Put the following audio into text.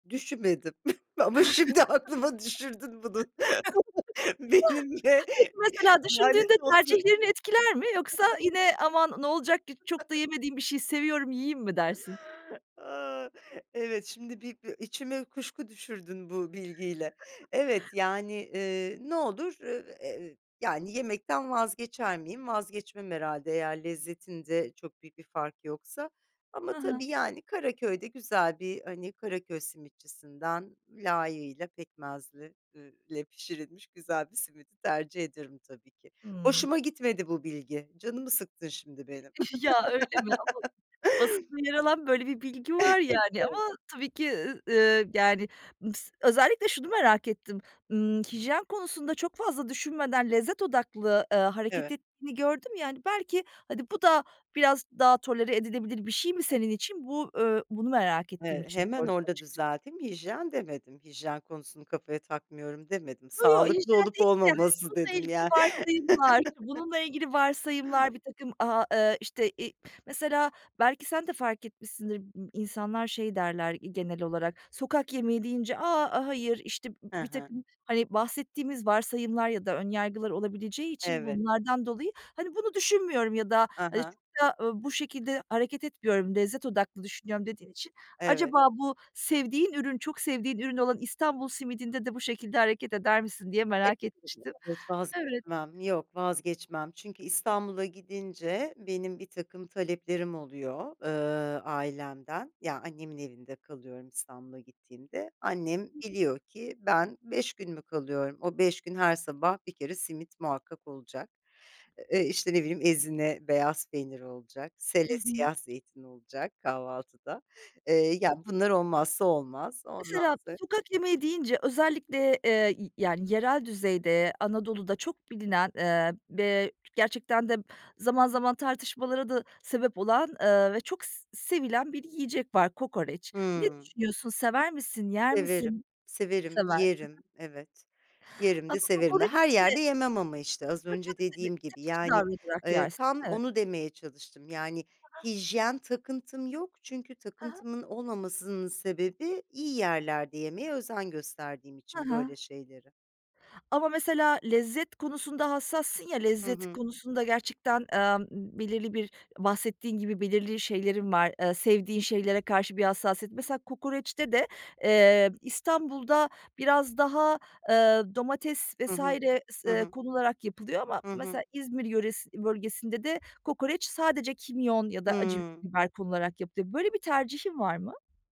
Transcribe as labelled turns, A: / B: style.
A: Düşünmedim, ama şimdi aklıma düşürdün bunu. Benimle
B: Peki, mesela düşündüğünde
A: lanet olsun.
B: tercihlerini etkiler mi yoksa yine "Aman ne olacak ki çok da yemediğim bir şeyi seviyorum yiyeyim." mi dersin?
A: Aaa, evet, şimdi bir b içime kuşku düşürdün bu bilgiyle. Evet, yani, eee, ne olur? Iıı, eee, eee, ııı, yani yemekten vazgeçer miyim? Vazgeçmem herhâlde eğer lezzetinde çok büyük bir fark yoksa. Ama
B: Hı hı.
A: tabii yani Karaköy'de güzel bir ,hani, Karaköy simitçisinden layığıyla pekmezli, ııı, le pişirilmiş güzel bir simidi tercih ederim tabii ki.
B: Hımm.
A: Hoşuma gitmedi bu bilgi, canımı sıktın şimdi benim.
B: Ya, öyle mi? Ama, basit bir yer alan böyle bir bilgi var yani
A: [unintelligible]
B: ama tabii ki, ııı, ııı, yani mıs özellikle şunu merak ettim. Imm, hijyen konusunda çok fazla düşünmeden lezzet odaklı, ııı, hareket
A: Evet.
B: ettiğini gördüm ya, hani, belki hadi bu da biraz daha tolere edilebilir bir şey mi senin için, bu, ııı, bunu merak ettiğim
A: Eee,
B: için
A: hemen
B: sordum
A: orada
B: açıkçası.
A: düzelteyim: "Hijyen." demedim, "Hijyen konusunu kafaya takmıyorum." demedim,
B: Yo yo,
A: "Sağlıklı
B: hijyen
A: olup
B: değilde, hani,
A: olmaması."
B: bununla
A: dedim
B: ilgili
A: yani.
B: varsayımlar, bununla ilgili varsayımlar birtakım, aaa, eee, işte, iii, mesela belki sen de fark etmişsindir, ımm, insanlar şey derler, iii, genel olarak, sokak yemeği deyince: "A, hayır." İşte b
A: He he.
B: birtakım, hani, bahsettiğimiz varsayımlar ya da ön yargılar olabileceği için
A: Evet.
B: bunlardan dolayı, hani, "Bunu düşünmüyorum ya da,
A: A
B: hani,
A: ha.
B: çokta, ııı, bu şekilde hareket etmiyorum, lezzet odaklı düşünüyorum." dediğin için
A: Evet.
B: acaba bu sevdiğin ürün, çok sevdiğin ürün olan İstanbul simidinde de bu şekilde hareket eder misin diye merak
A: [unintelligible]
B: etmiştim. Evet.
A: .Vazgeçmem, yok vazgeçmem. Çünkü İstanbul'a gidince benim birtakım taleplerim oluyor, ııı, ailemden. Ya, annemin evinde kalıyorum, İstanbul'a gittiğimde. Annem biliyor ki ben 5 gün mü kalıyorum? O 5 gün her sabah bir kere simit muhakkak olacak. Eee, işte, ne bileyim, ezine beyaz peynir olacak,
B: Hı
A: sele
B: hı.
A: siyah zeytin olacak kahvaltıda. Eee, ya, bunlar olmazsa olmaz. Ondan
B: Mesela
A: sonra
B: sokak yemeği deyince özellikle, eee, y yani, yerel düzeyde, Anadolu'da çok bilinen, ııı, ve g gerçekten de zaman zaman tartışmalara da sebep olan, ııı, ve çok s sevilen bir yiyecek var: Kokoreç. Ne
A: Hımm.
B: düşünüyorsun? Sever misin, yer
A: Severim,
B: misin?
A: severim.
B: Seversin.
A: Yerim,
B: Hıh.
A: evet. Yerim de,
B: Ama
A: severim de.
B: kokoreç
A: Her yerde
B: de
A: yemem ama, işte, az
B: Tabii.
A: önce
B: Tabii. Tabii.
A: dediğim gibi
B: Seçici
A: yani,
B: davranarak
A: ııı,
B: yersin.
A: tam
B: Evet.
A: onu demeye çalıştım. Yani
B: Hı hı.
A: hijyen takıntım yok, çünkü
B: Hı hı.
A: takıntımın olmamasının sebebi iyi yerlerde yemeye özen gösterdiğim
B: Hı
A: için
B: hı.
A: böyle şeyleri.
B: Ama mesela lezzet konusunda hassassın ya,
A: Hı
B: lezzet
A: hı.
B: konusunda gerçekten, emm, ımm, belirli bir bahsettiğin gibi belirli şeylerin var, ııı, sevdiğin şeylere karşı bir hassasiyet. Mesela kokoreçte de, eee, İstanbul'da biraz daha, ııı, domates
A: Hı
B: vs.
A: hı.
B: s
A: Hı
B: eee,
A: hı.
B: konularak yapılıyor ama
A: Hı hı.
B: mesela İzmir yöresi bölgesinde de kokoreç sadece kimyon ya da acı
A: Hımm.
B: biber konularak yapılıyor. Böyle bir tercihin var mı?